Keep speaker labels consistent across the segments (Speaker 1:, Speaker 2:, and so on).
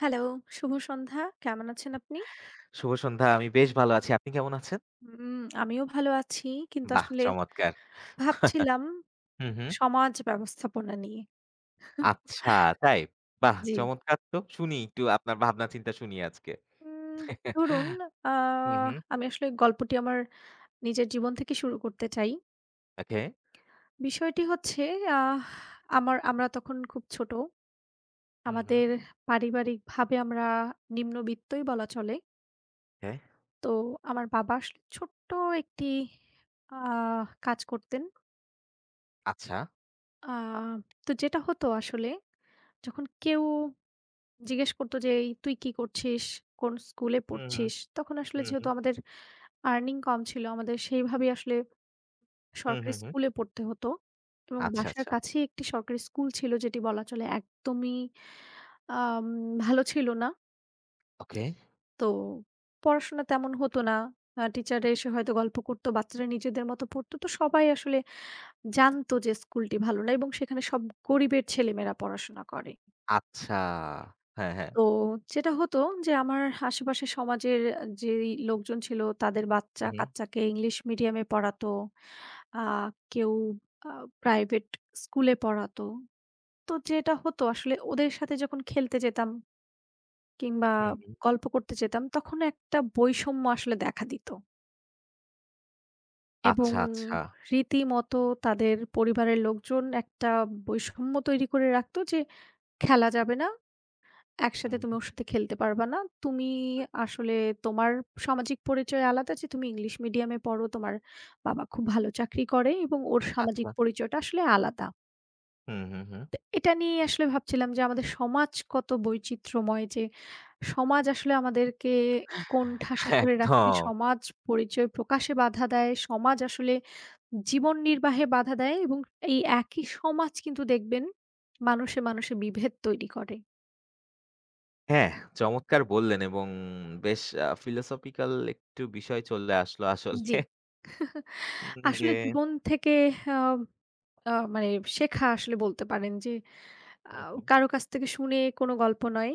Speaker 1: Hello, শুভ সন্ধ্যা। কেমন আছেন আপনি?
Speaker 2: শুভ সন্ধ্যা। আমি বেশ ভালো আছি। আপনি কেমন আছেন?
Speaker 1: উম আমিও ভালো আছি। কিন্তু
Speaker 2: বাহ
Speaker 1: আসলে
Speaker 2: চমৎকার!
Speaker 1: ভাবছিলাম
Speaker 2: হু, হু।
Speaker 1: সমাজ ব্যবস্থাপনা নিয়ে।
Speaker 2: আচ্ছা। তাই? বাহ!
Speaker 1: জ্বি।
Speaker 2: চমৎকার তো। শুনি একটু আপনার ভাবনা চিন্তা শুনি আজকে।
Speaker 1: উম ধরুন আ
Speaker 2: হু, হু।
Speaker 1: আমি আসলে গল্পটি আমার নিজের জীবন থেকে শুরু করতে চাই।
Speaker 2: ওকে।
Speaker 1: বিষয়টি হচ্ছে আহ আমার আমরা তখন খুব ছোট।
Speaker 2: হুম, হুম।
Speaker 1: আমাদের পারিবারিকভাবে আমরা নিম্নবিত্তই বলা চলে।
Speaker 2: হ্যাঁ।
Speaker 1: তো আমার বাবা আসলে ছোট্ট একটি আ কাজ করতেন।
Speaker 2: আচ্ছা।
Speaker 1: আ তো যেটা হতো আসলে যখন কেউ জিজ্ঞেস করত যে, "এই তুই কি করছিস? কোনো স্কুলে
Speaker 2: হু, হু।
Speaker 1: পড়ছিস?" তখন আসলে
Speaker 2: হু, হু।
Speaker 1: যেহেতু আমাদের earning কম ছিল আমাদের সেইভাবেই আসলে
Speaker 2: হু, হু,
Speaker 1: সরকারি
Speaker 2: হু।
Speaker 1: স্কুলে পড়তে হতো। এবং
Speaker 2: আচ্ছা,
Speaker 1: বাসার
Speaker 2: আচ্ছা।
Speaker 1: কাছেই একটি সরকারি স্কুল ছিল যেটি বলা চলে একদমই আ উম ভালো ছিল না।
Speaker 2: ওকে।
Speaker 1: তো পড়াশোনা তেমন হতো না। আ টিচাররা এসে হয়তো গল্প করত, বাচ্চারা নিজেদের মতো পড়ত। তো সবাই আসলে জানত যে স্কুলটি ভালো না এবং সেখানে সব গরিবের ছেলেমেয়েরা পড়াশোনা করে।
Speaker 2: আচ্ছা। হ্যাঁ, হ্যাঁ।
Speaker 1: তো যেটা হতো যে আমার আশেপাশে সমাজের অ্যা যেই লোকজন ছিল তাদের
Speaker 2: হু, হু।
Speaker 1: বাচ্চা-কাচ্চাকে ইংলিশ মিডিয়ামে পড়াতো। আ কেউ আ প্রাইভেট স্কুলে পড়াতো। তো যেটা হ্তো আসলে ওদের সাথে যখন খেলতে যেতাম কিংবা
Speaker 2: হু, হু।
Speaker 1: গল্প করতে যেতাম, তখন একটা বৈষম্য আসলে দেখা দিত। এবং
Speaker 2: আচ্ছা, আচ্ছা।
Speaker 1: রীতিমতো তাদের পরিবারের লোকজন একটা বৈষম্য তৈরি করে রাখতো যে, "খেলা যাবে না, একসাথে তুমি
Speaker 2: উহু।
Speaker 1: ওর সাথে খেলতে পারবা না। তুমি
Speaker 2: হু, হু।
Speaker 1: আসলে তোমার সামাজিক পরিচয় আলাদা যে তুমি ইংলিশ মিডিয়ামে পড়ো, তোমার বাবা খুব ভালো চাকরি করে এবং ওর সামাজিক
Speaker 2: আচ্ছা।
Speaker 1: পরিচয়টা আসলে আলাদা।"
Speaker 2: হু, হু, হু।
Speaker 1: তো এটা নিয়েই আসলে ভাবছিলাম যে আমাদের সমাজ কত বৈচিত্র্যময় যে সমাজ আসলে আমাদেরকে কোণঠাসা করে রাখে,
Speaker 2: একদম।
Speaker 1: সমাজ পরিচয় প্রকাশে বাধা দেয়, সমাজ আসলে জীবন নির্বাহে বাধা দেয় এবং এই একই সমাজ কিন্তু দেখবেন মানুষে-মানুষে বিভেদ তৈরি করে।
Speaker 2: হ্যাঁ, চমৎকার বল্লেন এবং বেশ আ ফিলোসফিক্যাল একটু বিষয় চলে আসলো আসলে।
Speaker 1: জ্বি। আসলে
Speaker 2: [unintelligible]
Speaker 1: জীবন থেকে আ আ মানে শেখা আসলে বলতে পারেন যে
Speaker 2: হু,
Speaker 1: আও
Speaker 2: হু।
Speaker 1: কারো কাছ থেকে শুনে কোনো গল্প নয়।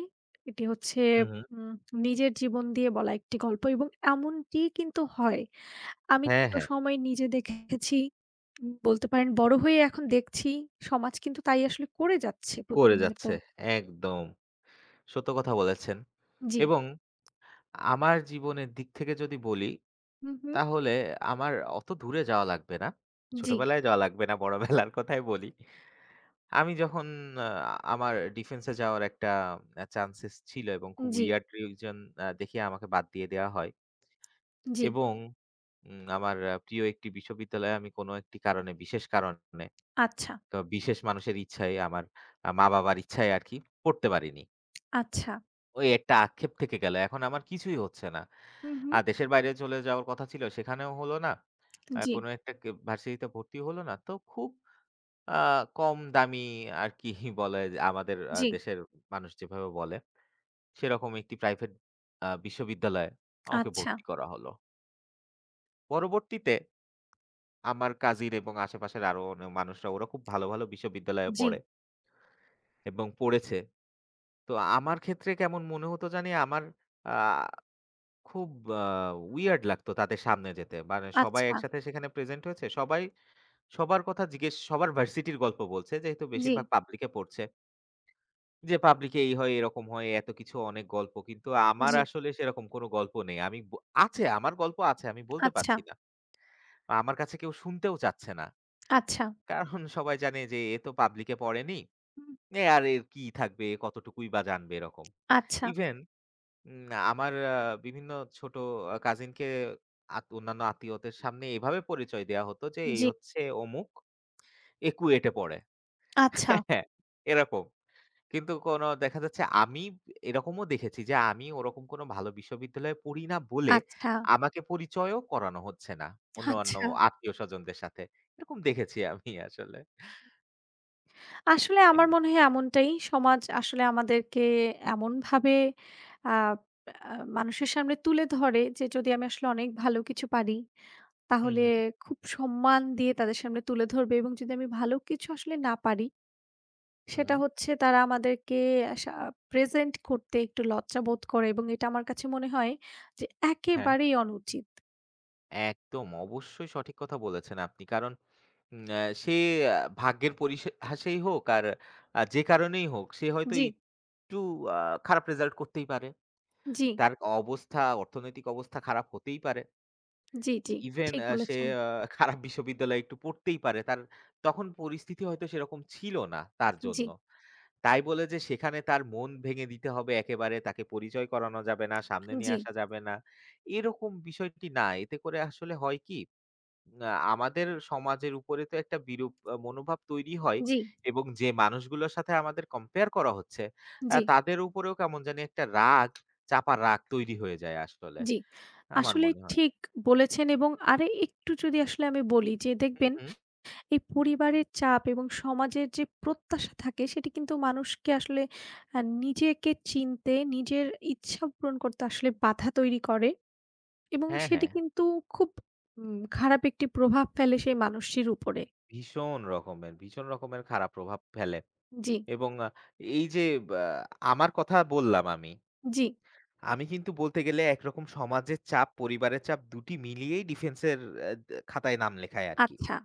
Speaker 1: এটি হচ্ছে
Speaker 2: উহু।
Speaker 1: উম নিজের জীবন দিয়ে বলা একটি গল্প এবং এমনটিই কিন্তু হয়। আমি
Speaker 2: হ্যাঁ,
Speaker 1: ছোটো
Speaker 2: হ্যাঁ।
Speaker 1: সময় নিজে দেখেছি বলতে পারেন
Speaker 2: হু,
Speaker 1: বড়ো
Speaker 2: হু।
Speaker 1: হয়ে এখন দেখছি সমাজ কিন্তু তাই আসলে করে যাচ্ছে
Speaker 2: করে
Speaker 1: প্রতিনিয়ত।
Speaker 2: যাচ্ছে। একদম সত্য কথা বলেছেন
Speaker 1: জ্বি।
Speaker 2: এবং আমার জীবনের দিক থেকে যদি বলি
Speaker 1: হু, হু।
Speaker 2: তাহলে আমার ওতো দূরে যাওয়া লাগবে না। ছোট
Speaker 1: জ্বি।
Speaker 2: বেলায় যাওয়া লাগবে না বড় বেলার কথাই বলি। আমি যখন আ আমার ডিফেন্সে যাওয়ার একটা অ্যা চান্সেস ছিল এবং খুব
Speaker 1: জ্বি।
Speaker 2: wierd reason দেখিয়ে আমাকে বাদ দিয়ে দেওয়া হয়।
Speaker 1: জ্বি।
Speaker 2: এবং আমার প্রিয় একটি বিশ্ববিদ্যালয়ে আমি কোনো একটি কারণে বিশেষ কারণে,
Speaker 1: আচ্ছা।
Speaker 2: তো বিশেষ মানুষের ইচ্ছায় আমার মা-বাবার ইচ্ছায় আরকি পড়তে পারিনি।
Speaker 1: আচ্ছা।
Speaker 2: ওই একটা আক্ষেপ থেকে গেল। এখন আমার কিছুই হচ্ছে না।
Speaker 1: হুম,
Speaker 2: আ
Speaker 1: হুম।
Speaker 2: দেশের বাইরে চলে যাওয়ার কথা ছিল, সেখানেও হল না। অ্যা
Speaker 1: জ্বী।
Speaker 2: কোনো একটা কেব ভার্সিটিতে ভর্তিও হল না। তো খুব আ কম দামি আর কি বলে যে, আমাদের অ্যা
Speaker 1: জ্বী।
Speaker 2: দেশের মানুষ যেভাবে বলে। সেরকম একটি প্রাইভেট আ বিশ্ববিদ্যালয়ে আমাকে
Speaker 1: আচ্ছা।
Speaker 2: ভর্তি করা হল। পরবর্তীতে আমার কাজিন এবং আশেপাশের আরও অনে মানুষরা ওরা খুব ভালো, ভালো বিশ্ববিদ্যালয়ে
Speaker 1: জ্বী।
Speaker 2: পড়ে। এবং পড়েছে। তো আমার ক্ষেত্রে কেমন মনে হতো জানি আমার আ খুব আ weird লাগতো তাদের সামনে যেতে। মানে সবাই
Speaker 1: আচ্ছা।
Speaker 2: একসাথে সেখানে প্রেজেন্ট হয়েছে। সবাই সবার কথা জিজ্ঞেস সবার ভার্সিটির গল্প বলছে, যেহেতু বেশিরভাগ
Speaker 1: জ্বী।
Speaker 2: পাবলিকে পড়ছে। যে পাবলিকে "এই হয়, এরকম হয়" এতকিছু অনেক গল্প। কিন্তু আমার
Speaker 1: জ্বী।
Speaker 2: আসলে সেরকম কোনো গল্প নেই। আমি ব আছে আমার গল্প আছে, আমি বলতে
Speaker 1: আচ্ছা।
Speaker 2: পারছি না। আ আমার কাছে কেউ শুনতেও চাচ্ছে না।
Speaker 1: আচ্ছা।
Speaker 2: কারণ সবাই জানে যে এ তো পাবলিকে পড়েনি।
Speaker 1: হুম।
Speaker 2: এ আর এর কি থাকবে কতটুকুই বা জানবে এরকম।
Speaker 1: আচ্ছা।
Speaker 2: ইভেন উম আমার আ বিভিন্ন ছোট আ কাজিনকে আত অন্যান্য আত্মীয়দের সামনে এভাবে পরিচয় দেওয়া হতো যে "এই
Speaker 1: জ্বী।
Speaker 2: হচ্ছে অমুক। এ KUET এ পড়ে।"
Speaker 1: আচ্ছা।
Speaker 2: হ্যাঁ এরকম। কিন্তু কোনো দেখা যাচ্ছে আমি এরকমও দেখেছি যে আমি ওরকম কোনো ভালো বিশ্ববিদ্যালয়ে পড়ি না বলে
Speaker 1: আচ্ছা।
Speaker 2: আমাকে পরিচয়ও করানো হচ্ছে না। অন্যান্য
Speaker 1: আচ্ছা।
Speaker 2: আত্মীয়-স্বজনদের সাথে। এরকম দেখেছি আমি আসলে।
Speaker 1: আসলে
Speaker 2: হুম।
Speaker 1: আমার মনে হয় এমনটাই। সমাজ আসলে আমাদেরকে এমনভাবে আপ আ মানুষের সামনে তুলে ধরে, যে যদি আমি আসলে অনেক ভালো কিছু পারি,
Speaker 2: হুম,
Speaker 1: তাহলে
Speaker 2: হুম।
Speaker 1: খুব সম্মান দিয়ে তাদের সামনে তুলে ধরবে। এবং যদি আমি ভালো কিছু আসলে না পারি, সেটা
Speaker 2: হুম।
Speaker 1: হচ্ছে তারা আমাদেরকে আসা প্রেজেন্ট করতে একটু লজ্জা বোধ করে এবং এটা আমার কাছে মনে হয় যে
Speaker 2: হ্যাঁ।
Speaker 1: একেবারেই অনুচিত।
Speaker 2: একদম, অবশ্যই সঠিক কথা বলেছেন আপনি, কারণ উম সে অ্যা ভাগ্যের পরিহাসেই হোক আর আ যে কারণেই হোক, সে হয়তো
Speaker 1: জ্বি।
Speaker 2: একটু আ খারাপ রেজাল্ট করতেই পারে।
Speaker 1: জ্বি।
Speaker 2: তার অবস্থা, অর্থনৈতিক অবস্থা খারাপ হতেই পারে।
Speaker 1: জ্বি, জ্বি,
Speaker 2: ইভেন
Speaker 1: ঠিক
Speaker 2: অ্যা সে
Speaker 1: বলেছেন।
Speaker 2: আ খারাপ বিশ্ববিদ্যালয়ে একটু পড়তেই পারে। তার তখন পরিস্থিতি হয়তো সেরকম ছিল না, তার জন্য।
Speaker 1: জ্বী।
Speaker 2: তাই বলে যে সেখানে তার মন ভেঙে দিতে হবে একেবারে, তাকে পরিচয় করানো যাবে না, সামনে নিয়ে
Speaker 1: জ্বি।
Speaker 2: আসা যাবে না, এরকম বিষয়টি না। এতে করে আসলে হয় কি, আ আমাদের সমাজের উপরে তো একটা বিরূপ মনোভাব তৈরি হয়
Speaker 1: জ্বি।
Speaker 2: এবং যে মানুষগুলোর সাথে আমাদের কম্পেয়ার করা হচ্ছে অ্যা
Speaker 1: জ্বি।
Speaker 2: তাদের উপরেও কেমন জানি একটা রাগ, চাপা রাগ তৈরি হয়ে যায় আসলে।
Speaker 1: জ্বি।
Speaker 2: আমার
Speaker 1: আসলেই
Speaker 2: মনে হয়।
Speaker 1: ঠিক বলেছেন এবং আর একটু যদি আসলে আমি বলি যে
Speaker 2: হুম,
Speaker 1: দেখবেন,
Speaker 2: হুম।
Speaker 1: এই পরিবারের চাপ এবং সমাজের যে প্রত্যাশা থাকে সেটি কিন্তু মানুষকে আসলে অ্যা নিজেকে চিনতে, নিজের ইচ্ছা পূরণ করতে আসলে বাধা তৈরি করে এবং
Speaker 2: হ্যাঁ,
Speaker 1: সেটি
Speaker 2: হ্যাঁ।
Speaker 1: কিন্তু উম খুব খারাপ একটি প্রভাব ফেলে সেই মানুষটির উপরে।
Speaker 2: ভীষণ রকমের ভীষণ রকমের খারাপ প্রভাব ফেলে।
Speaker 1: জ্বি।
Speaker 2: এবং এই যে ব্যা আমার কথা বললাম আমি,
Speaker 1: জ্বি।
Speaker 2: আমি কিন্তু বলতে গেলে একরকম সমাজের চাপ, পরিবারের চাপ ২টি মিলিয়েই ডিফেন্সের অ্যা দ্যা খাতায় নাম লেখায় আরকি।
Speaker 1: আচ্ছা।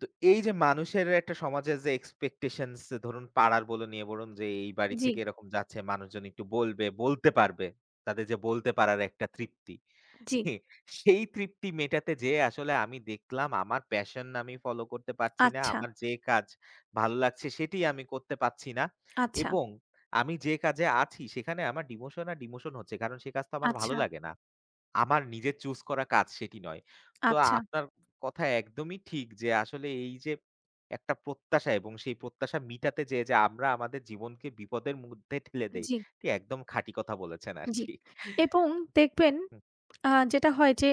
Speaker 2: তো এই যে মানুষের একটা সমাজের যে এক্সপেকটেশনস, ধরুন পাড়ার বলুন, ইয়ে বলুন, যে এই বাড়ি
Speaker 1: জ্বি।
Speaker 2: থেকে এরকম যাচ্ছে মানুষজন একটু বলবে, বলতে পারবে, তাদের যে বলতে পারার একটা তৃপ্তি।
Speaker 1: জ্বি।
Speaker 2: সেই তৃপ্তি মেটাতে যেয়ে আসলে আমি দেখলাম, আমার প্যাশন আমি ফলো করতে পারছি না,
Speaker 1: আচ্ছা।
Speaker 2: আমার যে কাজ ভালো লাগছে সেটিই আমি করতে পারছি না,
Speaker 1: আচ্ছা।
Speaker 2: এবং আমি যে কাজে আছি সেখানে আমার ডিমোশন আর ডিমোশন হচ্ছে, কারণ সে কাজ তো আমার ভালো
Speaker 1: আচ্ছা।
Speaker 2: লাগে না। আমার নিজের choose করা কাজ সেটি নয়। তো
Speaker 1: আচ্ছা।
Speaker 2: আপনার কথা একদমই ঠিক যে, আসলে এই যে, একটা প্রত্যাশা এবং সেই প্রত্যাশা মিটাতে যেয়ে যে আমরা আমাদের জীবনকে বিপদের মধ্যে ঠেলে দেই,
Speaker 1: জ্বী।
Speaker 2: এটি একদম খাঁটি কথা বলেছেন
Speaker 1: জ্বী,
Speaker 2: আরকি।
Speaker 1: এবং দেখবেন,
Speaker 2: হু।
Speaker 1: আ যেটা হয় যে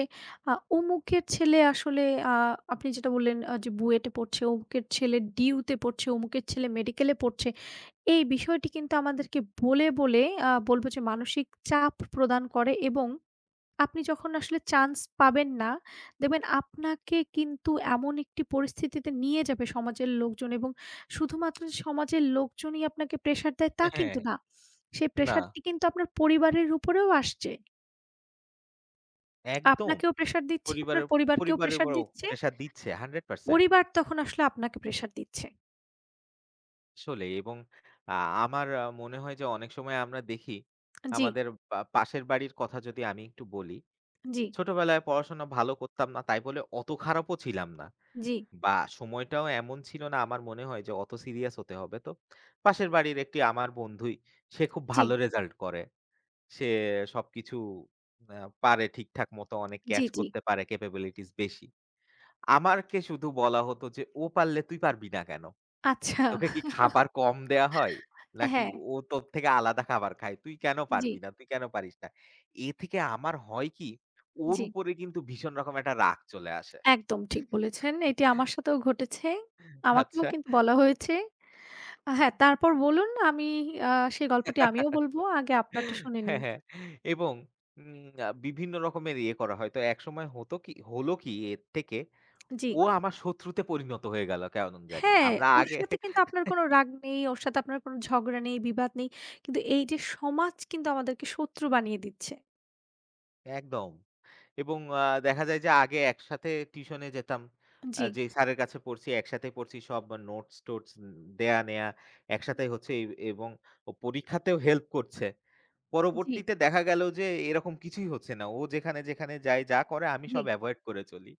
Speaker 1: আ অমুকের ছেলে আসলে আ আপনি যেটা বললেন যে, বুয়েটে পড়ছে, অমুকের ছেলে ডিউতে পড়ছে, অমুকের ছেলে মেডিকেলে পড়ছে। এই বিষয়টি কিন্তু আমাদেরকে বলে, বলে আ বলবো যে মানসিক চাপ প্রদান করে এবং আপনি যখন আসলে চান্স পাবেন না, দেখবেন আপনাকে কিন্তু এমন একটি পরিস্থিতিতে নিয়ে যাবে সমাজের লোকজন এবং শুধুমাত্র যে সমাজের লোকজনই আপনাকে প্রেশার দেয় তা
Speaker 2: হ্যাঁ।
Speaker 1: কিন্তু না। সেই
Speaker 2: না।
Speaker 1: প্রেশারটি কিন্তু আপনার পরিবারের উপরেও আসছে।
Speaker 2: একদম,
Speaker 1: আপনাকেও প্রেশার দিচ্ছে, আপনার
Speaker 2: পরিবারেও
Speaker 1: পরিবারকেও
Speaker 2: পরিবারে
Speaker 1: প্রেশার
Speaker 2: উপরও
Speaker 1: দিচ্ছে
Speaker 2: প্রেশার দিচ্ছে 100%
Speaker 1: পরিবার তখন আসলে আপনাকে প্রেশার দিচ্ছে।
Speaker 2: আসলেই এবং আ আমার আ মনে হয় যে অনেক সময় আমরা দেখি
Speaker 1: আ জ্বি।
Speaker 2: আমাদের পা পাশের বাড়ির কথা যদি আমি একটু বলি।
Speaker 1: জ্বি।
Speaker 2: ছোটবেলায় পড়াশোনা ভালো করতাম না তাই বলে অত খারাপও ছিলাম না।
Speaker 1: জ্বি।
Speaker 2: বা সময়টাও এমন ছিল না আমার মনে হয় যে অত সিরিয়াস হতে হবে তো, পাশের বাড়ির একটি আমার বন্ধুই সে খুব
Speaker 1: জ্বি।
Speaker 2: ভালো রেজাল্ট করে। সে সবকিছু অ্যা পারে ঠিকঠাক মতো অনেক
Speaker 1: জ্বি,
Speaker 2: ক্যাচ
Speaker 1: জ্বি।
Speaker 2: করতে পারে ক্যাপাবিলিটিস বেশি। আমাকে শুধু বলা হতো যে, "ও পারলে তুই পারবি না কেন?
Speaker 1: আচ্ছা।
Speaker 2: তোকে কি খাবার কম দেয়া হয়?
Speaker 1: অ্যা
Speaker 2: নাকি
Speaker 1: হ্যাঁ।
Speaker 2: ও তোর থেকে আলাদা খাবার খায়? তুই কেন পারবি
Speaker 1: জ্বি।
Speaker 2: না? তুই কেন পারিস না?" এ থেকে আমার হয় কি ওর
Speaker 1: জ্বি।
Speaker 2: উপরে কিন্তু ভীষণ রকম একটা রাগ চলে আসে।
Speaker 1: একদম ঠিক বলেছেন। এটি আমার সাথেও ঘটেছে। আমাকেও
Speaker 2: আচ্ছা।
Speaker 1: কিন্তু বলা হয়েছে। আ হ্যাঁ, তারপর বলুন আমি আ সেই গল্পটি আমিও বলব আগে আপনারটা শুনে
Speaker 2: হ্যাঁ,
Speaker 1: নিই।
Speaker 2: হ্যাঁ এবং উম আ বিভিন্ন রকমের ইয়ে করা হয়। তো একসময় হতো কি হলো কি এর থেকে
Speaker 1: জ্বি।
Speaker 2: ও আমার শত্রুতে পরিণত হয়ে গেল কেমন জানি।
Speaker 1: হ্যাঁ,
Speaker 2: আমরা
Speaker 1: ওর
Speaker 2: আগে
Speaker 1: সাথে কিন্তু আপনার কোনো রাগ নেই, ওর সাথে আপনার কোনো ঝগড়া নেই, বিবাদ নেই। কিন্তু এই যে সমাজ কিন্তু আমাদেরকে শত্রু বানিয়ে দিচ্ছে।
Speaker 2: একদম। এবং আ দেখা যায় যে আগে একসাথে টিউশনে যেতাম।
Speaker 1: অন
Speaker 2: আ
Speaker 1: জ্বি।
Speaker 2: যেই স্যারের কাছে পড়ছি একসাথে পড়ছি সব নোটস-টোটস দেয়া নেয়া একসাথেই হচ্ছে এ এবং ও পরীক্ষাতেও হেল্প করছে।
Speaker 1: জী।
Speaker 2: পরবর্তীতে দেখা গেল যে এরকম কিছুই হচ্ছে না। ও যেখানে-যেখানে যায় যা করে আমি
Speaker 1: জ্বী।
Speaker 2: সব avoid করে চলি।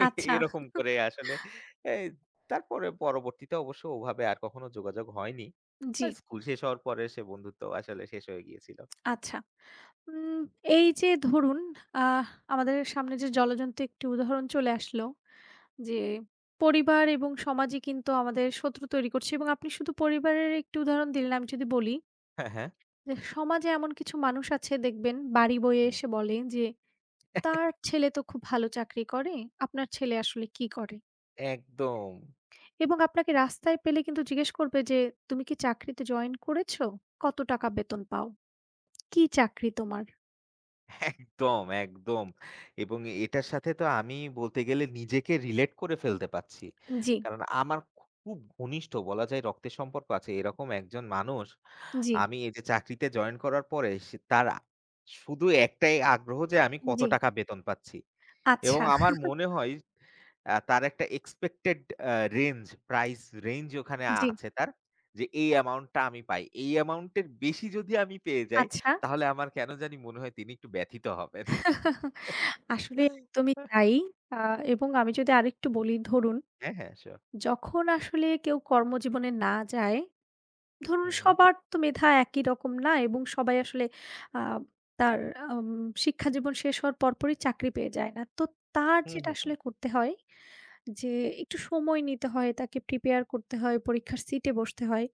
Speaker 1: আচ্ছা।
Speaker 2: এরকম করে আসলে এই তারপরে পরবর্তীতে অবশ্য ওভাবে আর কখনো যোগাযোগ হয়নি।
Speaker 1: উন জ্বি।
Speaker 2: আর স্কুল শেষ হওয়ার পরে সে বন্ধুত্বও আসলে শেষ হয়ে গিয়েছিল।
Speaker 1: আচ্ছা। উম এই যে ধরুন অ্যাহ আমাদের সামনে যে জলজ্যন্ত একটি উদাহরণ চলে আসলো যে পরিবার এবং সমাজই কিন্তু আমাদের শত্রু তৈরি করছে এবং আপনি শুধু পরিবারের একটি উদাহরণ দিলেন আমি যদি বলি।
Speaker 2: হ্যাঁ, হ্যাঁ।
Speaker 1: যে সমাজে এমন কিছু মানুষ আছে দেখবেন, বাড়ি বয়ে
Speaker 2: হুম।
Speaker 1: এসে বলে যে, তার ছেলে তো খুব ভালো চাকরি করে, আপনার ছেলে আসলে কী করে?
Speaker 2: একদম।
Speaker 1: এবং আপনাকে রাস্তায় পেলে কিন্তু জিজ্ঞেস করবে যে, তুমি কী চাকরিতে জয়েন করেছ? কত টাকা বেতন পাও? কী চাকরি তোমার?
Speaker 2: একদম, একদম। এবং এ এটার সাথে তো আমি বলতে গেলে নিজেকে relate করে ফেলতে পাচ্ছি।
Speaker 1: উন জ্বি।
Speaker 2: কারণ আমার খুব ঘনিষ্ঠ বলা যায় রক্তের সম্পর্ক আছে, এরকম একজন মানুষ
Speaker 1: জ্বি।
Speaker 2: আমি এইযে চাকরিতে জয়েন করার পরে সে তারা শুধু একটাই আগ্রহ যে আমি কত
Speaker 1: জ্বী।
Speaker 2: টাকা বেতন পাচ্ছি। এবং
Speaker 1: আচ্ছা।
Speaker 2: আমার মনে হয় এহ তার একটা expected অ্যা রেঞ্জ প্রাইস রেঞ্জ ওখানে
Speaker 1: জ্বী।
Speaker 2: আছে তার যে এই অ্যামাউন্টটা আমি পাই। এই অ্যামাউন্ট এর বেশি যদি আমি পেয়ে যাই
Speaker 1: আচ্ছা।
Speaker 2: তাহলে আমার কেনো জানি মনে হয় তিনি একটু ব্যথিত হবেন।
Speaker 1: আসলে একদমই তাই অ্যা এবং আমি যদি আরেকটু বলি ধরুন,
Speaker 2: হ্যাঁ, হ্যাঁ। সিউর।
Speaker 1: যখন আসলে কেউ কর্মজীবনে না যায়, ধরুন
Speaker 2: হুম, হুম।
Speaker 1: সবার তো মেধা একই রকম না এবং সবাই আসলে আব তার অ্যাম শিক্ষাজীবন শেষ হওয়ার পরপরই চাকরি পেয়ে যায় না। তো তার
Speaker 2: হুম,
Speaker 1: যেটা
Speaker 2: হুম,
Speaker 1: আসলে
Speaker 2: হুম।
Speaker 1: করতে হয় যে একটু সময় নিতে হয়, তাকে প্রিপেয়ার করতে হয়, পরীক্ষার সিটে বসতে হয়।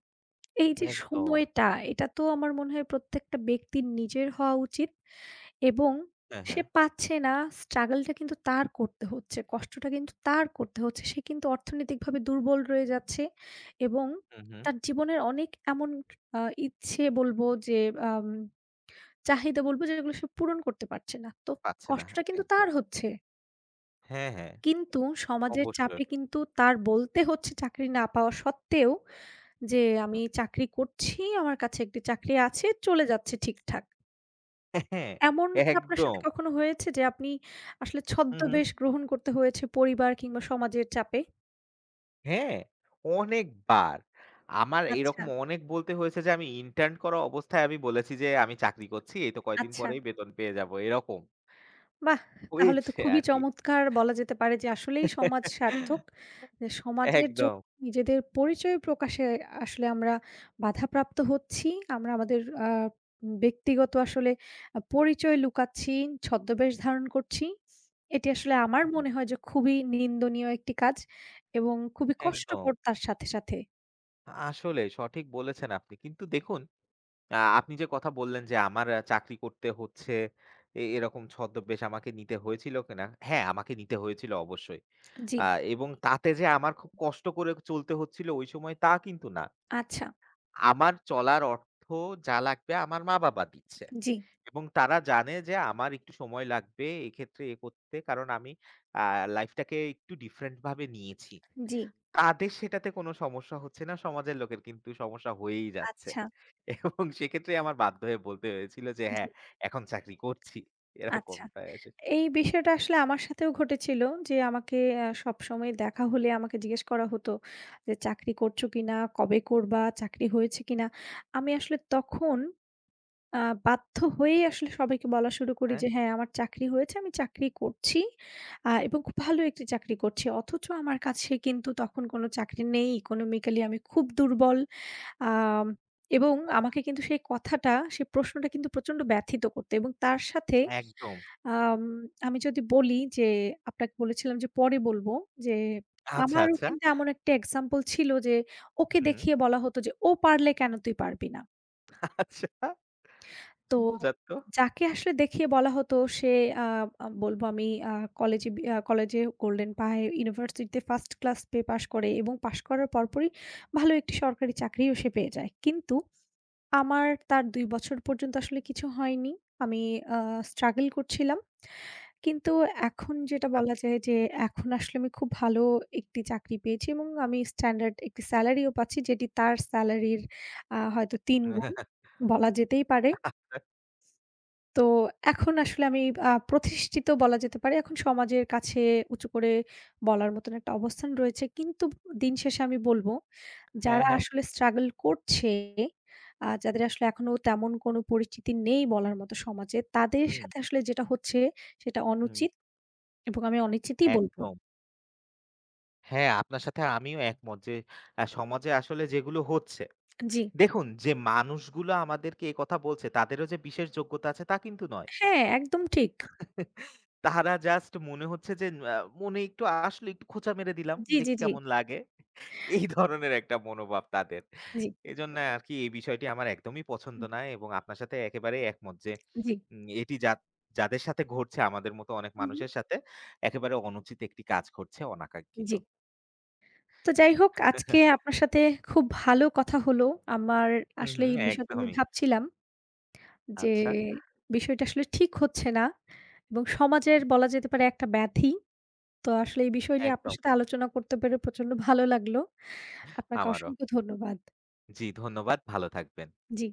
Speaker 1: এই যে
Speaker 2: একদম।
Speaker 1: সময়টা এটা তো আমার মনে হয় প্রত্যেকটা ব্যক্তির নিজের হওয়া উচিত এবং
Speaker 2: হ্যাঁ,
Speaker 1: সে
Speaker 2: হ্যাঁ।
Speaker 1: পাচ্ছে না স্ট্রাগলটা কিন্তু তার করতে হচ্ছে, কষ্টটা কিন্তু তার করতে হচ্ছে। সে কিন্তু অর্থনৈতিকভাবে দুর্বল রয়ে যাচ্ছে এবং
Speaker 2: হুম, হুম।
Speaker 1: তার জীবনের অনেক এমন অ্যা ইচ্ছে বলবো যে অ্যাম চাহিদা বলবো যেগুলো সে পূরণ করতে পারছে না। তো
Speaker 2: পাচ্ছে না, হা।
Speaker 1: কষ্টটা কিন্তু
Speaker 2: একদম।
Speaker 1: তার হচ্ছে।
Speaker 2: হ্যাঁ, হ্যাঁ।
Speaker 1: কিন্তু সমাজের
Speaker 2: অবশ্যই।
Speaker 1: চাপে কিন্তু তার বলতে হচ্ছে চাকরি না পাওয়া সত্ত্বেও যে "আমি চাকরি করছি, আমার কাছে একটি চাকরি আছে, চলে যাচ্ছে ঠিকঠাক।" এমন কি আপনার সাথে
Speaker 2: একদম।
Speaker 1: কখনো হয়েছে যে আপনি আসলে
Speaker 2: হুম, হুম।
Speaker 1: ছদ্মবেশ গ্রহণ করতে হয়েছে পরিবার কিংবা সমাজের চাপে?
Speaker 2: হ্যাঁ, অনেকবার। আমার
Speaker 1: আচ্ছা
Speaker 2: এরকম অনেক বলতে হয়েছে যে আমি ইন্টার্ন করা অবস্থায় আমি বলেছি যে "আমি চাকরি করছি, এই তো কয়েকদিন
Speaker 1: আচ্ছা।
Speaker 2: পরেই বেতন পেয়ে যাব" এরকম।
Speaker 1: বাহ! তাহলে তো
Speaker 2: হয়েছে
Speaker 1: খুবই
Speaker 2: আর কি।
Speaker 1: চমৎকার বলা যেতে পারে। যে আসলেই সমাজ সার্থক এ সমাজের জ
Speaker 2: একদম।
Speaker 1: নিজেদের পরিচয় প্রকাশে আসলে আমরা বাধাপ্রাপ্ত হচ্ছি। আমরা আমাদের অ্যা উম ব্যক্তিগত আসলে আ পরিচয় লুকাচ্ছি, ছদ্মবেশ ধারণ করছি। এটি আসলে আমার
Speaker 2: হুম।
Speaker 1: মনে হয় যে খুবই নিন্দনীয় একটি কাজ এবং খুবই
Speaker 2: একদম।
Speaker 1: কষ্টকর তার সাথে, সাথে।
Speaker 2: আ আসলেই সঠিক বলেছেন আপনি। কিন্তু দেখুন অ্যা আপনি যে কথা বললেন যে "আমার অ্যা চাকরি করতে হচ্ছে। এ-এরকম ছদ্মবেশ আমাকে নিতে হয়েছিল কিনা?" হ্যাঁ, আমাকে নিতে হয়েছিল অবশ্যই।
Speaker 1: জ্বি।
Speaker 2: আ এবং তাতে যে আমার খুব কষ্ট করে চলতে হচ্ছিল ওই সময় তা কিন্তু না।
Speaker 1: আচ্ছা।
Speaker 2: আমার চলার অর্থ যা লাগবে আমার মা-বাবা দিচ্ছে।
Speaker 1: জ্বি।
Speaker 2: এবং তারা জানে যে আমার একটু সময় লাগবে এইক্ষেত্রে এ করতে কারণ আমি অ্যা লাইফ টাকে একটু ডিফরেন্ট ভাবে নিয়েছি।
Speaker 1: জ্বি।
Speaker 2: তাদের সেটাতে কোনো সমস্যা হচ্ছে না, সমাজের লোকের কিন্তু সমস্যা হয়েই যাচ্ছে।
Speaker 1: আচ্ছা।
Speaker 2: এবং সেক্ষেত্রেই আমার বাধ্য হয়ে বলতে হয়েছিল যে
Speaker 1: আ জি।
Speaker 2: "হ্যাঁ, এখন চাকরি করছি।"
Speaker 1: আচ্ছা।
Speaker 2: এরকমটাই আস
Speaker 1: এই বিষয়টা আসলে আমার সাথেও ঘটেছিল। যে আমাকে অ্যা সবসময় দেখা হলে আমাকে জিজ্ঞেস করা হত যে" চাকরি করছো কিনা? কবে করবা? চাকরি হয়েছে কিনা?" আমি আসলে তখন আ বাধ্য হয়েই আসলে সবাইকে বলা শুরু করি
Speaker 2: হ্যাঁ।
Speaker 1: যে "হ্যাঁ, আমার চাকরি হয়েছে, আমি চাকরি করছি। আ এবং খুব ভালো একটি চাকরি করছি।" অথচ আমার কাছে কিন্তু তখন কোনো চাকরি নেই, economically আমি খুব দুর্বল। আম এবং
Speaker 2: আচ্ছা।
Speaker 1: আমাকে কিন্তু সেই কথাটা, সেই প্রশ্নটা কিন্তু প্রচন্ড ব্যথিত করত। এবং তার সাথে
Speaker 2: একদম।
Speaker 1: আম আমি যদি বলি যে আপনাকে বলেছিলাম যে পরে বলবো যে
Speaker 2: আচ্ছা,
Speaker 1: আমারও
Speaker 2: আচ্ছা।
Speaker 1: কিন্তু এমন একটা এক্সাম্পল ছিল যে
Speaker 2: হুম,
Speaker 1: ওকে
Speaker 2: হুম।
Speaker 1: দেখিয়ে বলা হতো যে "ও পারলে কেন তুই পারবি না?"
Speaker 2: আচ্ছা।
Speaker 1: তো
Speaker 2: মজার তো।
Speaker 1: যাকে আসলে দেখিয়ে বলা হতো সে আ আ বলবো আমি আ কলেজে বি আ কলেজে গোল্ডেন পায়ে, ইউনিভার্সিটিতে ফার্স্ট ক্লাস পেয়ে পাস করে। এবং পাশ করার পরপরই ভালো একটি সরকারি চাকরিও সে পেয়ে যায়। কিন্তু আমার তার ২ বছর পর্যন্ত আসলে কিছু হয়নি, আমি আ struggle করছিলাম। কিন্তু এখন যেটা
Speaker 2: আচ
Speaker 1: বলা যায় যে এখন আসলে আমি খুব ভালো একটি চাকরি পেয়েছি এবং আমি standard একটি স্যালারিও পাচ্ছি যেটি তার স্যালারির আ হয়তো ৩ গুণ, বলা যেতেই পারে। তো এখন আসলে আমি আ প্রতিষ্ঠিত বলা যেতে পারে। এখন সমাজের কাছে উঁচু করে বলার মত একটা অবস্থান রয়েছে। কিন্তু উন দিন শেষে আমি বলব
Speaker 2: হ্যাঁ,
Speaker 1: যারা
Speaker 2: হ্যাঁ।
Speaker 1: আসলে স্ট্রাগল করছে, আ যাদের আসলে এখনো তেমন কোনো পরিচিতি নেই বলার মতো সমাজে, তাদের
Speaker 2: হুম।
Speaker 1: সাথে আসলে যেটা হচ্ছে সেটা
Speaker 2: হুম।
Speaker 1: অনুচিত, এবং আমি অনুচিতিই বলবো।
Speaker 2: একদম। হ্যাঁ। আপনার সাথে আমিও একমত। যে অ্যা সমাজে আসলে যেগুলো হচ্ছে
Speaker 1: জ্বি।
Speaker 2: দেখুন যে মানুষগুলো আমাদেরকে একথা বলছে তাদেরও যে বিশেষ যোগ্যতা আছে তা কিন্তু নয়।
Speaker 1: হ্যাঁ, একদম ঠিক।
Speaker 2: তারা জাস্ট মনে হচ্ছে যে অ্যা "মনে একটু আসলো, একটু খোঁচা মেরে দিলাম,
Speaker 1: জ্বী, জ্বী,
Speaker 2: দেখি
Speaker 1: জ্বী।
Speaker 2: কেমন লাগে?" এই
Speaker 1: জি।
Speaker 2: ধরনের একটা মনোভাব তাদের।
Speaker 1: জ্বী।
Speaker 2: এজন্যে আরকি এই বিষয়টি আমার একদমই পছন্দ
Speaker 1: হু।
Speaker 2: না। এবং আপনার সাথে একেবারেই একমত যে
Speaker 1: জী।
Speaker 2: উম এটি যাদ যাদের সাথে ঘটছে আমাদের মত অনেক
Speaker 1: হু, হু।
Speaker 2: মানুষের সাথে, একেবারে অনুচিত একটি কাজ করছে অনাকাঙ্ক্ষিত।
Speaker 1: জ্বী। তো যাই হোক আজকে আপনার সাথে খুব ভালো কথা হল। আমার
Speaker 2: হু, হু
Speaker 1: আসলে এই বিষয়টা আমি
Speaker 2: একদমই।
Speaker 1: ভাবছিলাম যে
Speaker 2: আচ্ছা।
Speaker 1: বিষয়টা আসলে ঠিক হচ্ছে না। এবং সমাজের বলা যেতে পারে একটা ব্যাধি। তো আসলে এই বিষয় নিয়ে আপনার
Speaker 2: একদম।
Speaker 1: সাথে আলোচনা করতে পেরে প্রচন্ড ভালো লাগলো। আপনাকে
Speaker 2: আমারও।
Speaker 1: অসংখ্য ধন্যবাদ।
Speaker 2: জ্বি ধন্যবাদ। ভালো থাকবেন।
Speaker 1: জ্বি।